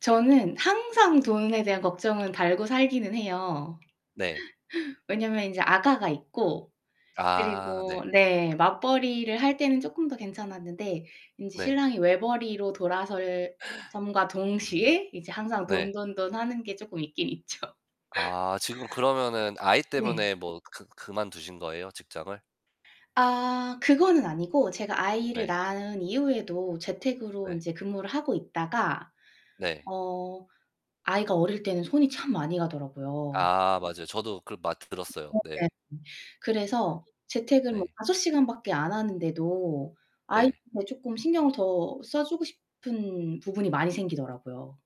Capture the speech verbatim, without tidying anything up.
저는 항상 돈에 대한 걱정은 달고 살기는 해요. 네. 왜냐면 인제 아가가 있고, 아 그리고 네. 네, 맞벌이를 할 때는 쪼끔 더 괜찮았는데 인제 네. 신랑이 외벌이로 돌아설 섬과 음 동시에 이제 항상 네. 돈돈돈하는 게 쪼끔 있긴 있죠. 아 지금 그러면은 아이 네. 때문에 뭐 그 그만두신 거예요, 직장을? 아 그거는 아니고 제가 아이를 네. 낳은 이후에도 재택으로 네. 인제 근무를 하고 있다가 네. 어 아이가 어릴 때는 손이 참 많이 가더라고요. 아 맞아요. 저도 그거 아 많이 들었어요. 네. 네네. 그래서 재택을 뭐 네. 다섯 시간밖에 안 하는데도 네. 아이한테 쪼끔 신경을 더 써 주고 싶은 부분이 많이 생기더라고요.